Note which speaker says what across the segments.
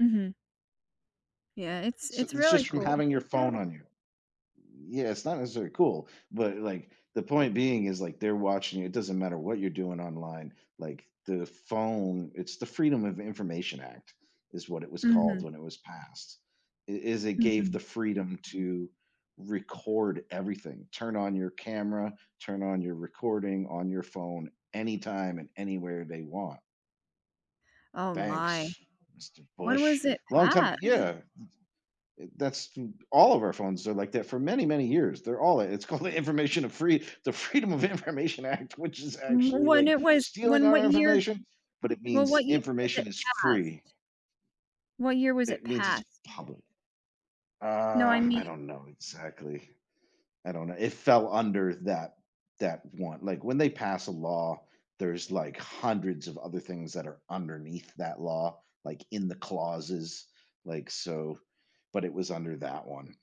Speaker 1: Mhm. Yeah, it's
Speaker 2: So,
Speaker 1: it's
Speaker 2: it's
Speaker 1: really
Speaker 2: just from
Speaker 1: cool.
Speaker 2: having your phone on you yeah, it's not necessarily cool, but like, the point being is, like, they're watching you, it doesn't matter what you're doing online, like, the phone it's the Freedom of Information Act is what it was called
Speaker 1: Mhm.
Speaker 2: when it was passed, it is it gave
Speaker 1: Mhm.
Speaker 2: the freedom to record everything, turn on your camera, turn on your recording on your phone anytime, and anywhere they want.
Speaker 1: Oh my,
Speaker 2: Thanks, Mr.
Speaker 1: when
Speaker 2: Bush,
Speaker 1: was it
Speaker 2: long time
Speaker 1: passed?
Speaker 2: yeah, m th to that's all of our phones are like that for many, many years, they're all it's called the Information of the Freedom of Information Act, which is actually,
Speaker 1: When
Speaker 2: like,
Speaker 1: it was
Speaker 2: stealing
Speaker 1: when what
Speaker 2: our
Speaker 1: year?
Speaker 2: information, but it
Speaker 1: Well, what
Speaker 2: means
Speaker 1: year was it
Speaker 2: information is free.
Speaker 1: passed? What year was it
Speaker 2: It means it's
Speaker 1: passed?
Speaker 2: public,
Speaker 1: No, I
Speaker 2: uh, I
Speaker 1: mean
Speaker 2: don't know exactly, I don't know it fell under that that one, like when they pass a law, there's like hundreds of other things that are underneath that law, like in the clauses, like, so, but it was under that one.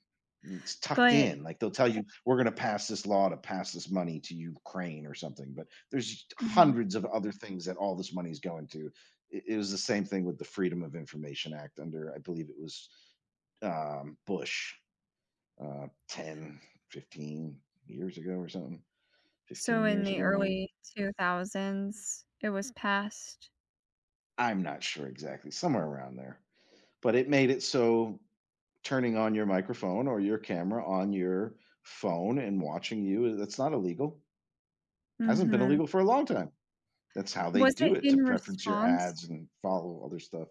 Speaker 2: It's tucked
Speaker 1: But
Speaker 2: in like they'll tell you we're going to pass this law to pass this money to Ukraine or something, but there's us
Speaker 1: Mhm.
Speaker 2: hundreds of other things that all this money is going to, i it was the same thing with the Freedom of Information Act under, I believe it was, um, Bush, uh, 10, 15 years ago or something,
Speaker 1: So,
Speaker 2: 15
Speaker 1: in
Speaker 2: years
Speaker 1: the
Speaker 2: ago maybe.
Speaker 1: early 2000s, it was passed.
Speaker 2: I'm not sure exactly, somewhere around there, but it made it so, turning on your microphone, or your camera on your phone, and watching you, it's not illegal. Hasn't been
Speaker 1: Mhm.
Speaker 2: illegal for a long time, that's how they
Speaker 1: Was it
Speaker 2: do it,
Speaker 1: in
Speaker 2: to preference your
Speaker 1: response?
Speaker 2: ads, and follow other stuff.